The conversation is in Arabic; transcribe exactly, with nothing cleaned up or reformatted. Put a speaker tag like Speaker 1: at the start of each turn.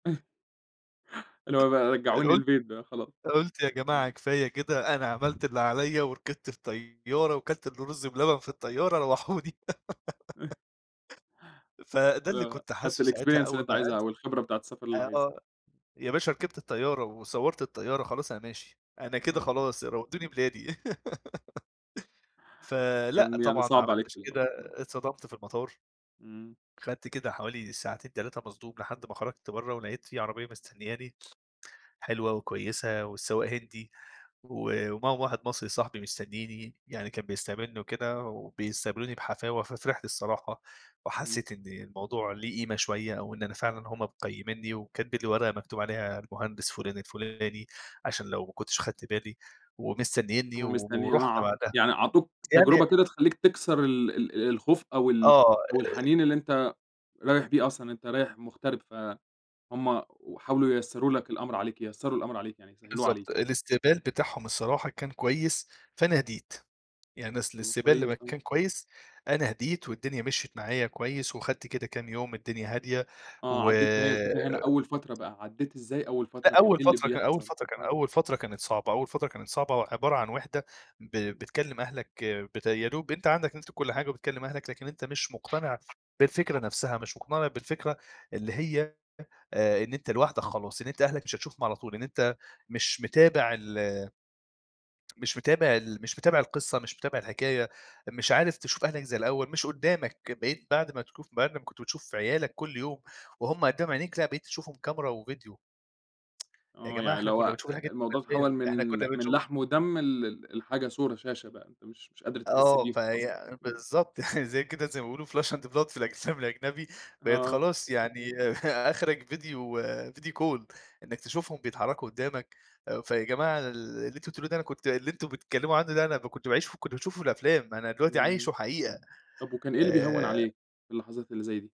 Speaker 1: اللي هو بقى
Speaker 2: ال
Speaker 1: رجعوني
Speaker 2: قُل
Speaker 1: البيت بقى خلاص.
Speaker 2: قُلت يا جماعة
Speaker 1: إمم.
Speaker 2: كفاية كده أنا عملت اللي عليّا، وركبت الطيارة وكلت الرز بلبن في الطيارة روحوني. فده
Speaker 1: ال
Speaker 2: اللي
Speaker 1: آه،
Speaker 2: كنت
Speaker 1: خدت
Speaker 2: حاسه ساعتها
Speaker 1: الexperience اللي
Speaker 2: أول
Speaker 1: أنت
Speaker 2: ما [unintelligible]
Speaker 1: عايزها أو الخبرة بتاعة السفر اللي
Speaker 2: آآ،
Speaker 1: عايزها.
Speaker 2: آه، يا باشا ركبت الطيارة وصوّرت الطيارة، خلاص أنا ماشي. أنا كده
Speaker 1: آه.
Speaker 2: خلاص ر ودّوني بلادي. فلأ،
Speaker 1: كان يعني
Speaker 2: طبعًا ما
Speaker 1: صَعب عليك في
Speaker 2: عملتش
Speaker 1: الأول
Speaker 2: كده،
Speaker 1: آه.
Speaker 2: اتصدمت في المطار.
Speaker 1: إمم.
Speaker 2: خدت كده حوالي ساعتين تلاتة مصدوم لحد ما خرجت برّا ولاقيت في عربية مستنياني، حلوة وكويسة، والسواق هندي و ومعاهم واحد مصري صحبي مستنيني. يعني كان بيستقبلني وكده وبيستقبلوني بحفاوة، ففرحت الصراحة
Speaker 1: إمم.
Speaker 2: وحسّيت إن الموضوع ليه قيمة شوية، وإن أنا فعلًا هُم مقيمينني وكاتبين لي ورقة مكتوب عليها المهندس فُلان الفُلاني عشان لو ما كنتش خدت بالي ومستنينّي
Speaker 1: هو
Speaker 2: و
Speaker 1: مستني
Speaker 2: ورُحنا
Speaker 1: أع
Speaker 2: بعدها.
Speaker 1: يعني عطوك تجربة
Speaker 2: يعني
Speaker 1: كده تخلّيك تكسر ال ال الخوف أو ال
Speaker 2: آه، آآ
Speaker 1: أو الحنين اللي أنت رايح بيه أصلًا، أنت رايح مُغترب فهُم وحاولوا ييسروا لك الأمر عليك، ييسروا الأمر عليك يعني يسهلوها عليك
Speaker 2: بالضبط،
Speaker 1: يعني.
Speaker 2: الاستقبال بتاحهم الصراحة كان كويس، فأنا هديت. يعني أصل
Speaker 1: إمم،
Speaker 2: الاستقبال لمّا
Speaker 1: كويس آه.
Speaker 2: كان كويس، أنا هديت والدنيا مشيت معايا كويس وخدت كده كام يوم الدنيا هادية
Speaker 1: آه،
Speaker 2: و
Speaker 1: عدّيت ما هي الفكرة هنا أول فترة بقى ،عدّيت ازاي أول فترة؟
Speaker 2: لأ،
Speaker 1: كان
Speaker 2: أول
Speaker 1: إيه اللي
Speaker 2: فترة كان أول
Speaker 1: بيحصل؟
Speaker 2: فترة كان
Speaker 1: آه.
Speaker 2: أول فترة كانت صعبة، أول فترة كانت صعبة وعبارة عن وِحدة. ب
Speaker 1: إمم.
Speaker 2: بتكلم أهلك بت يا دوب أنت عندك نت وكل حاجة وبتكلم أهلك لكن أنت مش مقتنع بالفكرة نفسها، مش مقتنع بالفكرة اللي هي آآ، إن أنت لوحدك خلاص، إن أنت أهلك مش هتشوفهم على طول، إن أنت مش متابع ال مش متابع ال مش متابع القصة، مش متابع الحكاية، مش عارف تشوف أهلك زي الأول، مش قدّامك. بقيت بعد ما تكوف بعد ما كنت بتشوف عيالك كل يوم وهُم قدّام عينيك لأ، بقيت تشوفهم كاميرا وفيديو. يا
Speaker 1: آه،
Speaker 2: جماعة
Speaker 1: يعني
Speaker 2: إحنا
Speaker 1: اللي هو
Speaker 2: كنّا بنشوف الحاجة
Speaker 1: آآ،
Speaker 2: دي في
Speaker 1: الموضوع تحوّل
Speaker 2: الأفلام،
Speaker 1: من
Speaker 2: إحنا كنّا
Speaker 1: من
Speaker 2: بنشوف
Speaker 1: لحم ودم لل لحاجة صورة، شاشة بقى. أنت مش مش قادرة تحس
Speaker 2: آه،
Speaker 1: بيهم أصلًا.
Speaker 2: فهي
Speaker 1: إمم.
Speaker 2: بالضبط، يعني زي كده زي ما بيقولوا flesh and blood في الأفلام الأجنبي. بقيت
Speaker 1: آه.
Speaker 2: خلاص يعني أخرك فيديو فيديو كول. إنّك تشوفهم بيتحركوا قدّامك آآ، فيا جماعة ال اللي أنتم بتقولوه ده أنا كنت اللي أنتم بتتكلموا عنّه ده أنا ب كنت باعيشه ف كنت باشوفه في الأفلام أنا دلوقتي
Speaker 1: إمم،
Speaker 2: عايشه حقيقة
Speaker 1: طب، وكان إيه اللي بيهوّن
Speaker 2: آآ
Speaker 1: عليك في اللحظات اللي زي دي؟